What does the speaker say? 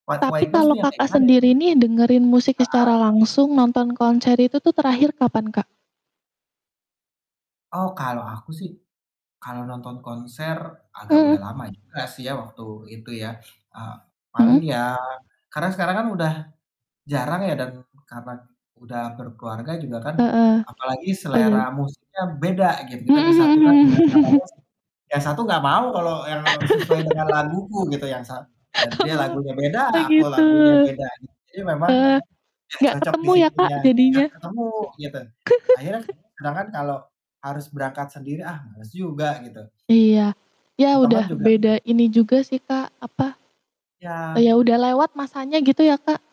White Tapi Waiters kalo, tuh yang kayak Kakak, gimana ya? sendiri nih dengerin musik secara Heeh. langsung nonton konser itu tuh terakhir kapan, Kak? Oh, kalau aku sih, kalau nonton konser agak Mmm. udah lama juga sih ya waktu itu ya, eee, paling Mhm. ya karena sekarang kan udah jarang ya dan karena udah berkeluarga juga kan, Heeh, apalagi oh iya. selera musiknya beda gitu kita Mhm disatukan mhm dengan kata mhm. mus yang satu gak mau kalau yang sesuai dengan laguku gitu, yang sa dan dia Oh lagunya beda oh aku gitu? lagunya beda. Jadi memang Eee, gak gak cocok di ketemu ya, Kak, situnya, gak jadinya? ketemu gitu akhirnya sedangkan kalau harus berangkat sendiri, ah, males juga gitu. Iya, ya Temen-temen udah juga beda ini juga sih, Kak, apa Iya. ya, udah lewat masanya gitu ya, Kak?